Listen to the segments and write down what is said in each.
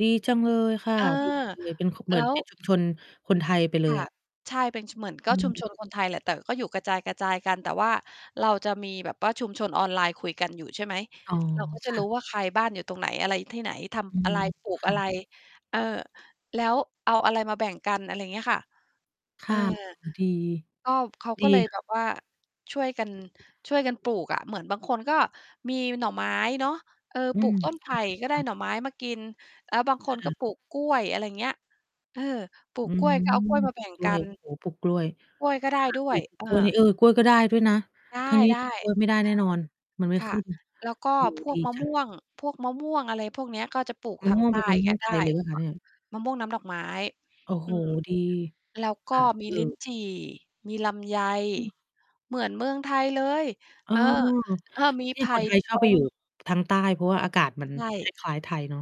ดีจังเลยค่ะ เออ ดีจังเลย เป็น ค เหมแืล้อนว เป็นชุมชน คนไทยไปเลคย ่ะ อะ ใช่ เป็น ช เหมือน กอ็ ชุมชนืม คน ไทยแหละ แต่ก็อยู่กระจาย ๆ กัน แต่ว่าเราจะมีแบบว่าชุมชนออนไลน์คุยกันอยู่ ใช่ไหม อ๋อ เราก็ จะค่รูะ ้ว่า ใครบ้านอยู่ตรงไหน อะไรที่ไหน ทอืำอะม ไร ปลูก ค่อะไร ะ เออ แล้วเอาอะไรมาแบ่งกัน อะไรเงี้ยค่ะ คเอ่อ ะ อ๋อ ดี ก็เขาดีก็เลยคแบ่ะ บว่าช่วยกัน ช่วยกันปลูกอะ เหมือนบางคนก็มีหน่อไม้เนาะ เออ อืปลูม กต้น ไผค่ก็ได้่ะ ๆ หน่อไม้มากิน แล้วบางคนคก่็ะ ปลูกกล้วย อะไรเงี้ย เออ ปลูอืกกล้ม วยก็เอากล้วยมา ปแลบู่กงกล้กวัย น โอ้โฮ ปลูกกล้วย คกล้วยก็ได้่ะ ด้ปวลูย ก เอกล้วย อ เออ กล้วยก็ได้ด้วยนะ ได้ ที่นีๆ ่ เออ ปลูกกล้วย ไม่ได้แน่นอน มันไม่ ค่ขะ ึ้น แล้วก็เออ พวดีก มะจัม่ง วง พวกมะม่วง อะไรพวกเนี้ย ก็จะปลูกอ๋อ ทาง ใตเป้็นมะมก่ัวนงไไดท้ ยเลยเปล่าคะเนี่ย? มะม่วงน้ำดอกไม้ โอ้โอืฮ ม ดี แล้วกค็่ะ มีเอลิ้อ นจี่ มีลำไย อืม เหมือนเมืองไทยเลย เอเอ ออ เออ มี ทีไ่ผค่นไทยชตอบไปอง ยู่ ทางใต้ เพราะว่าอากาศมัน ใชค่ ล้าย ๆ ไทยเนาะ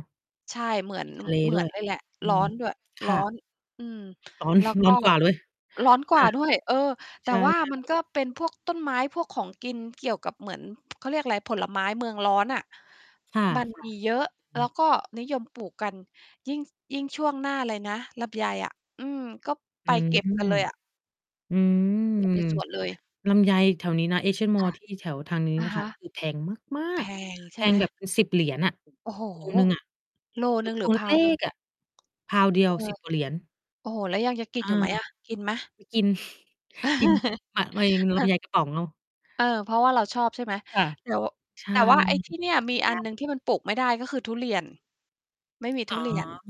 ใช่ เหมือตน ิดทะเล เหมืด้อวนย เลยแหละ อืร้อม น ด้วย คร้่อะ น อืม ร้อน แล้วกร้็ อนกว่าด้วย ร้อนกคว่่าะ ด้วย เออ แตใ่ช่ ว่ามันๆ ก็เป็นพวกต้นไม้ พวกของกินเกี่ยวกับเหมือน เขาเรียกไร ผลไม้เมืองร้อนอะ ค่ะ มัน มีเยอะๆ อแืล้ม วก็นิยมปลูกกัน ยิ่ง ส ยิ่งช่วงหน้าอะไรนะ ลำไยอะ อืม ก็ไปอืเกม ็บกันเลยอะ อืม ไปเก็บในสวนเลย ลำไยแถวนี้นะ ASEAN ค่Mall ะ ที่ แถวทางนี้อนะ่ะฮค่ะ ะ คือ แพงมาแพก ง ๆ ใแชพ่ไหม? งแบบเป็น 10 เหรียญน่ะ โอ้โฮ กิโลหนึ่งอะ โลหนึ่งพหรืวอ งเล็pound หนึ่ง ก ๆ อะ pound เดีเยอว อ 10 กว่าเหรียญ โอ้โฮ แล้วยังจะกิอนา อยู่ไหมอะ กินไหม? ไม่ กิน กิน อะ มะเอง ม เลอำอ ใยกระป๋องเอา เออ เพราะว่าเราชอบ ใช่ไหม ค่ะ แต่ ว ใช่ แต่ว่าไอ้ ที่เนี่ย มีอยันาหนก ึ่งที่มันปลูกไม่ได้ ก็คือทุเรียน ไม่มี อ๋ทอ ุเรียน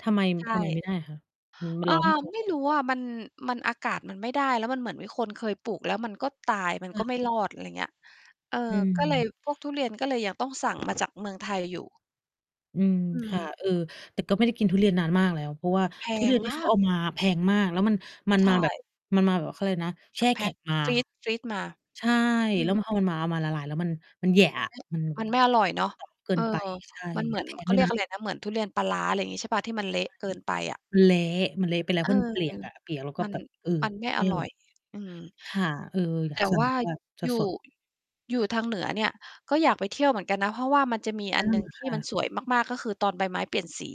ทำไม ม ใชทำไมไม่ ่ได้อะคะ? อือ มัเอนอ ร้อน ไม่พอ ไม่รู้อะ มัน มัน อากาศมันไม่ได้ แล้วมันเหมือนมีคนเคยปลูกแล้วมันก็ตาย มัคน่ก็ไม่ ะ รอด อะไรเงี้ย เออ อก็เลย ืม พวกทุเรียนก็เลยยังต้องสั่ง มาจากเมืองไทยอยู่ อืม อืค่ะ ม เออ แต่ก็ไม่ได้กินทุเรียนนานมากแล้ว เพราะว่าแพทุเรีง ยน ที่มเขาา เอก ามาแพงมาก แล้วมัน มันใชมาแบบ ่ มันมาแบบเขาไรนะ แช่แพแข็็ก งมา ฟรีซ ฟรีซมา ใช่ อืแล้วพม อ มันมา เอามาละลายแล้วมัน มันแหยะมัอะ นไม่ มัน มัน [unintelligible] ไม่อร่อยเนาะ เกิเออ น ไป ใช่ มันเหมมัืนอน แพงเขดา้วเรยียนกะ อะไรนะ เหมือนทุเรียนปลาร้า อะไรงี้ ใช่เปล่า ที่มันใชเล่ ะเกินไปอะ มันเละ มันเละไปแล้ว เเอพรอ าะมันเปียกอะ เปียก แล้วก็มัน แบบ เออ มันไม่ไมอ่อร่อร่ย อย อืม ค่ะ เออ อยแาตก ่ สั่วง่แาบบว่า อยู่ สด ๆ อยู่ทางเหนือเนี่ย ก็อยากไปเที่ยวเหมือนกันนะ เพราะว่ามันจะมีเอออ ันหนึ่ง ทคี่ ่ะ มันสวยมาก ๆ ก็คือตอนใบไม้เปลี่ยนสี